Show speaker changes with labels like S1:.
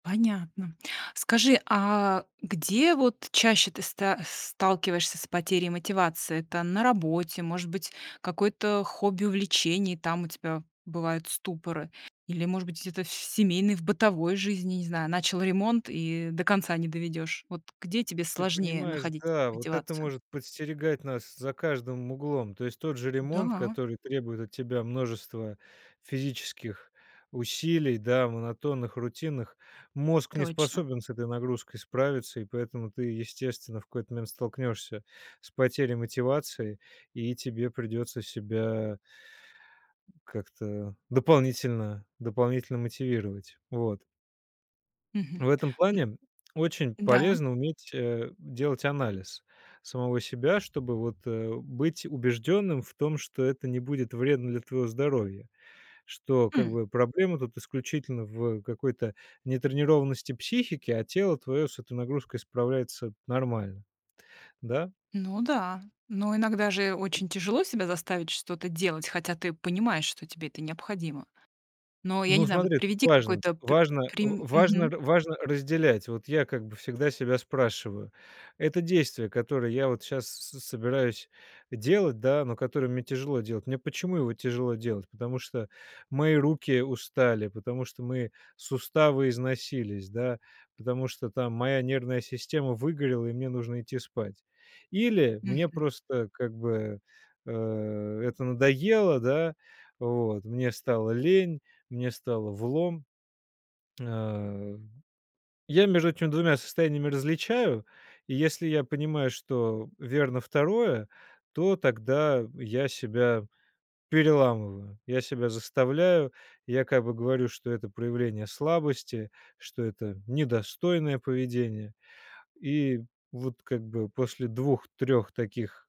S1: Понятно. Скажи, а где вот чаще ты ста сталкиваешься с потерей мотивации? Это на работе, может быть, какое-то хобби, увлечение, там, у тебя бывают ступоры? Или, может быть, где-то в с семейной, в бытовой жизни, не знаю, начал ремонт и до конца не доведёшь? Вот где тебе
S2: Ты
S1: сложнее
S2: понимаешь,
S1: находить
S2: да, вот это
S1: мотивацию?
S2: может подстерегать нас за каждым углом. То есть тот же ремонт,
S1: Да.
S2: который требует от тебя множества физических усилий, да, монотонных, рутинных. Мозг не
S1: Точно.
S2: способен с этой нагрузкой справиться, и поэтому ты, естественно, в какой-то момент столкнешься с потерей мотивации, и тебе придется себя как-то дополнительно дополнительно мотивировать. Вот.
S1: Мгм,
S2: В этом
S1: м
S2: плане, очень
S1: Да.
S2: полезно уметь, э, делать анализ самого себя, чтобы вот, э, быть убежденным в том, что это не будет вредно для твоего здоровья. Что как
S1: М.
S2: бы проблема тут исключительно в какой-то нетренированности психики, а тело твое с этой нагрузкой справляется нормально. Да?
S1: Ну да. Но иногда же очень тяжело себя заставить что-то делать, хотя ты понимаешь, что тебе это необходимо. Но я
S2: Ну,
S1: не знаю, вот
S2: смотри, тут
S1: приведи
S2: важно.
S1: какой-то п
S2: Важно,
S1: прим
S2: в важно
S1: мгм.
S2: р важно разделять. Вот я как бы всегда себя спрашиваю: "Это действие, которое я вот щас с собираюсь э, делать, да, но которое мне тяжело делать. Мне почему его тяжело делать? Потому что мои руки устали, потому что мои суставы износились, да, потому что там моя нервная система выгорела и мне нужно идти спать. Или мне
S1: Мгм.
S2: просто как бы, э, это надоело, да? Вот, мне стало лень, мне стало влом". А, я между этими 2 состояниями различаю, и если я понимаю, что верно 2, то тогда я себя переламываю, я себя заставляю, я как бы говорю, что это проявление слабости, что это недостойное поведение. И вот как бы после 2-3 таких